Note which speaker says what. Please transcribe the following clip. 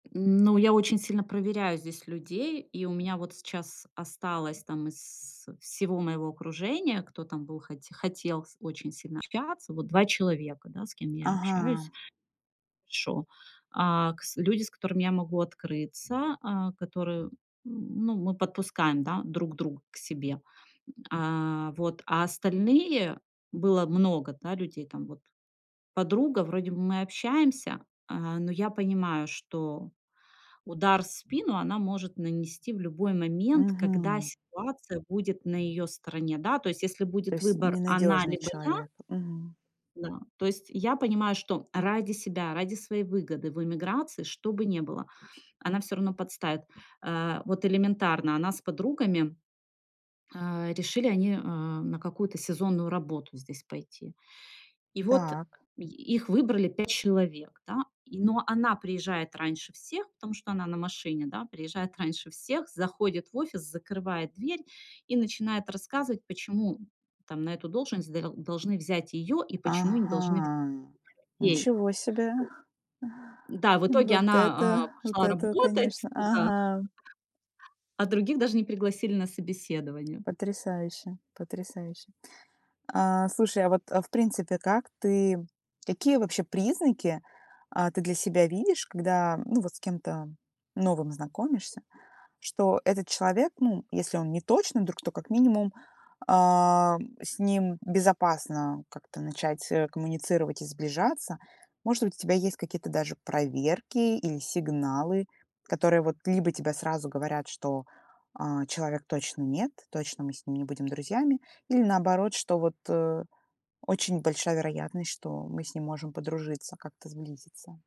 Speaker 1: Ну, я очень сильно проверяю здесь людей. И у меня вот сейчас осталось, там, из всего моего окружения, кто там был, хоте хотел с очень сильно общаться, вот 2 человека, да, с кем я общаюсь
Speaker 2: Ага.
Speaker 1: еще. А, кс люди, с которыми я могу открыться. А, которые м, ну, мы подпускаем, да, друг друга к себе. А. Вот. А остальные было много, да, людей, там, вот. Подруга, вроде бы мы общаемся, а, но я понимаю, что удар в спину она может нанести в любой момент, когда
Speaker 2: Мгм.
Speaker 1: ситуация будет на её стороне, да. То есть если
Speaker 2: То
Speaker 1: будет
Speaker 2: есть
Speaker 1: выбор она,
Speaker 2: ненадёжный
Speaker 1: либо я.
Speaker 2: человек. Мгм.
Speaker 1: Да. То есть я понимаю, что ради себя, ради своей выгоды в эмиграции, что бы не было, она всё равно подставит. А, вот элементарно, она с подругами э, решили они, а, на какую-то сезонную работу здесь пойти. И вот
Speaker 2: Так.
Speaker 1: и их выбрали 5 человек, да. И, но она приезжает раньше всех, потому что она на машине, да. Приезжает раньше всех, заходит в офис, закрывает дверь. И начинает рассказывать, почему, там, на эту должность дел должны взять её и почему не должны вз
Speaker 2: Ага.
Speaker 1: [unintelligible] ей?
Speaker 2: Ничего себе.
Speaker 1: Да, в итоге
Speaker 2: Вот
Speaker 1: она, а,
Speaker 2: это вот
Speaker 1: пошла
Speaker 2: это,
Speaker 1: работать
Speaker 2: конечно.
Speaker 1: туда.
Speaker 2: Ага.
Speaker 1: А других даже не пригласили на собеседование.
Speaker 2: Потрясающе, потрясающе. А, слушай, а вот, а, в принципе, как ты какие вообще признаки, а, ты для себя видишь, когда, ну, вот с кем-то новым знакомишься? Что этот человек, ну, если он не точно друг, то, как минимум, а, с ним безопасно как-то начать, э, коммуницировать и сближаться. Может быть, у тебя есть какие-то даже проверки или сигналы, которые вот либо тебе сразу говорят, что, а, человек точно нет, точно мы с ним не будем друзьями. Или наоборот, что вот, э, очень большая вероятность, что мы с ним можем подружиться, как-то сблизиться.